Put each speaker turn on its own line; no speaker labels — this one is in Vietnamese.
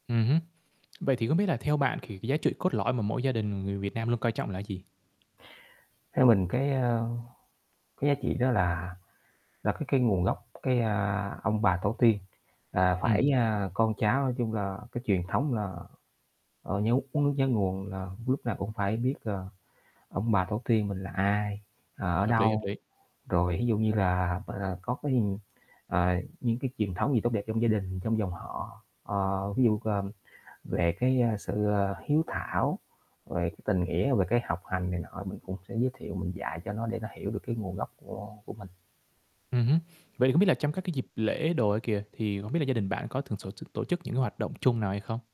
Ừm hứm. Vậy thì không biết là theo bạn thì cái giá trị cốt lõi mà mỗi gia đình người Việt Nam luôn coi trọng là cái gì?
Theo mình cái, a, cái giá trị đó là là cái cái nguồn gốc, cái, a, ông bà tổ tiên là
Ừm.
phải, a, con cháu nói chung là cái truyền thống là, ờ, nhớ uống nước nhớ nguồn là lúc nào cũng phải biết, ờ, ông bà tổ tiên mình là ai, ờ, ở
Hợp lý, hợp
đâu,
lý.
rồi ví dụ như là, à, có cái, ư, à, những cái truyền thống gì tốt đẹp trong gia đình, trong dòng họ. Ờ, ví dụ, ờ, về cái, a, sự, à, hiếu thảo về cái tình nghĩa, về cái học hành này nọ mình cũng sẽ giới thiệu mình dạy cho nó để nó hiểu được cái nguồn gốc của của mình.
Ừm hứm. Vậy thì không biết là trong các dịp lễ đồ ấy kìa, thì hông biết là gia đình bạn có thường sổ t tổ chức những cái hoạt động chung nào hay không?